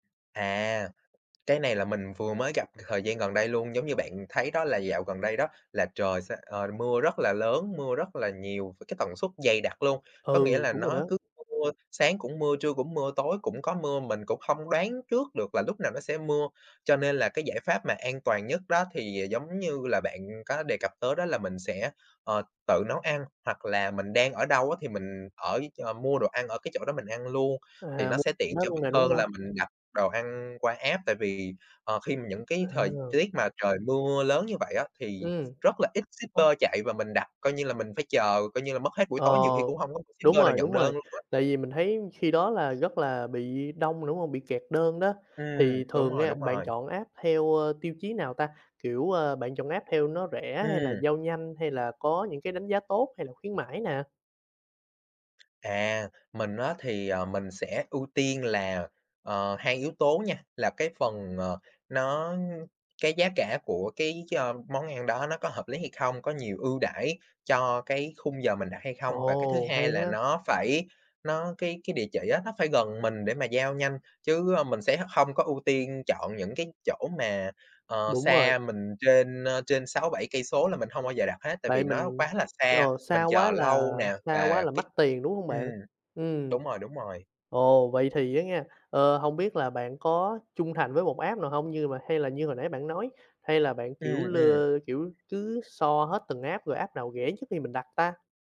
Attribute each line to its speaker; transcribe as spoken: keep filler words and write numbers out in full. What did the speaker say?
Speaker 1: À, cái này là mình vừa mới gặp thời gian gần đây luôn, giống như bạn thấy đó là dạo gần đây đó là trời sẽ, ờ, mưa rất là lớn, mưa rất là nhiều với cái tần suất dày đặc luôn. Có nghĩa
Speaker 2: Ừ,
Speaker 1: là
Speaker 2: đúng rồi
Speaker 1: nó
Speaker 2: đó.
Speaker 1: cứ mưa, sáng cũng mưa, trưa cũng mưa, tối cũng có mưa, mình cũng hông đoán trước được là lúc nào nó sẽ mưa. Cho nên là cái giải pháp mà an toàn nhất đó thì, à, giống như là bạn, ừm, có đề cặp tới đó là mình sẽ, ờ, tự nấu ăn hoặc là mình đang ở đâu á thì mình ở ch mua đồ ăn ở cái chỗ đó mình ăn luôn thì
Speaker 2: À,
Speaker 1: nó
Speaker 2: mua
Speaker 1: sẽ tiện
Speaker 2: [unintelligible] hết
Speaker 1: cho
Speaker 2: luôn
Speaker 1: mình
Speaker 2: nè, đúng
Speaker 1: hơn
Speaker 2: hông?
Speaker 1: là mình đặt đồ ăn qua app, tại vì, ờ, khi mà những cái thời
Speaker 2: À.
Speaker 1: tiết mà trời mưa lớn như vậy á thì
Speaker 2: Ừm.
Speaker 1: rất là ít shipper chạy và mình đặt coi như là mình phải chờ, coi như là mất hết buổi
Speaker 2: Ờ,
Speaker 1: tối nhiều khi cũng hông có [unintelligible]
Speaker 2: đúng
Speaker 1: shipper nào
Speaker 2: rồi,
Speaker 1: nhận
Speaker 2: đúng
Speaker 1: đơn
Speaker 2: rồi.
Speaker 1: luôn á.
Speaker 2: Tại vì mình thấy khi đó là, rất là, bị đông mà, đúng hông? Bị kẹt đơn đó.
Speaker 1: Ừm,
Speaker 2: Thì
Speaker 1: đúng
Speaker 2: thường
Speaker 1: rồi,
Speaker 2: nha,
Speaker 1: đúng
Speaker 2: bạn
Speaker 1: rồi.
Speaker 2: chọn app theo, ơ, tiêu chí nào ta. Kiểu, a, bạn chọn app theo nó rẻ hay là
Speaker 1: Ừm.
Speaker 2: giao nhanh hay là có những cái đánh giá tốt hay là khuyến mãi nè?
Speaker 1: À, mình á thì, ờ, mình sẽ ưu tiên là, ờ, hai yếu tố nha. Là cái phần, ờ, nó cái giá cả của cái cho món ăn đó nó có hợp lý hay không? Có nhiều ưu đãi cho cái khung giờ mình đặt hay không? Và cái thứ
Speaker 2: Ồ, hay
Speaker 1: hai là
Speaker 2: á.
Speaker 1: nó phải nó cái cái địa chỉ á nó phải gần mình để mà giao nhanh chứ, ơ, mình sẽ h hông có ưu tiên chọn những cái chỗ mà, ờ,
Speaker 2: Đúng rồi.
Speaker 1: xa mình trên, ơ, trên sáu, bảy cây số là mình hông bao giờ đặt hết. Tại vì
Speaker 2: Tại
Speaker 1: nó
Speaker 2: mình,
Speaker 1: quá là xa,
Speaker 2: ờ,
Speaker 1: mình
Speaker 2: xa
Speaker 1: chờ
Speaker 2: quá là
Speaker 1: lâu nè
Speaker 2: xa quá
Speaker 1: và
Speaker 2: là
Speaker 1: cái
Speaker 2: mắc tiền, đúng hông
Speaker 1: ừm,
Speaker 2: bạn? Ừm.
Speaker 1: đúng rồi, đúng rồi.
Speaker 2: Ồ, vậy thì á nghen. Ờ, hông biết là bạn có trung thành với một app nào hông? Như mà hay là như hồi nãy bạn nói, hay là bạn kiểu,
Speaker 1: Ừm, ừm.
Speaker 2: lơ kiểu, cứ so hết từng app rồi app nào rẻ trước khi mình đặt ta?